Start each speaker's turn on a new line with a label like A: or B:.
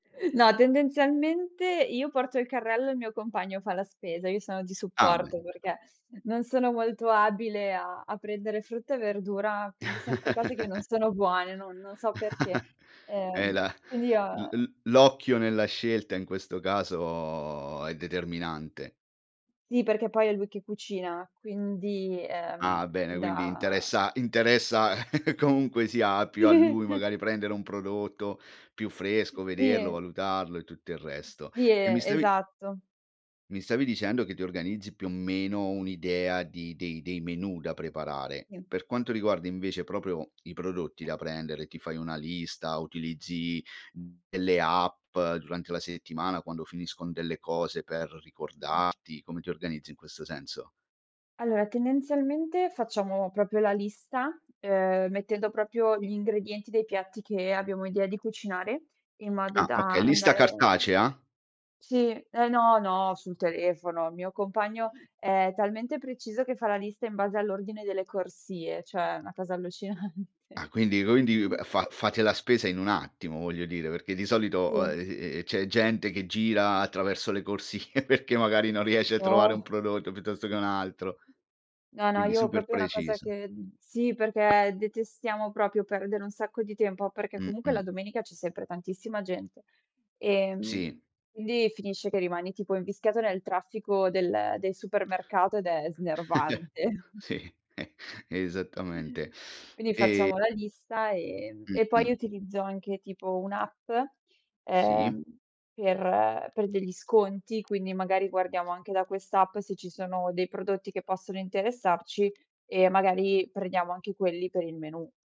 A: No, tendenzialmente io porto il carrello, il mio compagno fa la spesa, io sono di
B: Ah, be
A: supporto perché non sono molto abile a a prendere frutta e verdura, prendo sempre cose che non sono buone, no non so perché,
B: Eh
A: ehm,
B: la
A: quindi io a
B: l l'occhio nella scelta in questo caso è determinante.
A: Sì, perché poi è lui che cucina, quindi,
B: Ah,
A: ehm,
B: bene,
A: fin
B: quindi
A: da
B: interessa interessa comunque sia più a lui magari prendere un prodotto più fresco, vederlo,
A: Sì.
B: valutarlo e tutto il resto.
A: Sì,
B: E mi stavi
A: esatto.
B: mi stavi dicendo che ti organizzi più o meno un'idea di dei dei dei menù da preparare.
A: Si.
B: Per quanto riguarda invece proprio i prodotti da prendere, ti fai una lista, utilizzi delle app durante la settimana quando finiscon delle cose per
A: Mh-mh.
B: ricordarti, come ti organizzi in questo senso?
A: Allora tendenzialmente facciamo proprio la lista, uhm, mettendo proprio gli ingredienti dei piatti che abbiamo idea di cucinare in modo
B: Ah,
A: da
B: okay, lista
A: andare mhmm
B: cartacea?
A: sì eh no, no sul telefono. Il mio compagno è talmente preciso che fa la lista in base all'ordine delle corsie, cioè una cosa allucinante.
B: Ah, quindi quindi
A: Mh.
B: fa fate la spesa in un attimo voglio dire, perché di solito,
A: Sì.
B: uhm, c'è gente che gira attraverso le corsie perché magari non riesce a trovare un
A: No.
B: prodotto piuttosto che un altro.
A: No, no,
B: Quindi
A: io
B: super
A: proprio una cosa
B: preciso.
A: che sì perché detestiamo proprio perdere un sacco di tempo, perché comunque la
B: Mh-mh.
A: domenica c'è sempre tantissima gente, ehm,
B: Si.
A: quindi finisce che rimani tipo invischiato nel traffico del del supermercato ed è snervante.
B: Sì, eh, esattamente.
A: Quindi
B: E
A: facciamo la lista e
B: Mh,
A: e poi
B: mh.
A: utilizzo anche, tipo un'app,
B: Sì.
A: ehm, per per degli sconti, quindi magari guardiamo anche da quest'app se ci sono dei prodotti che possono interessarci e magari prendiamo anche quelli per il menù.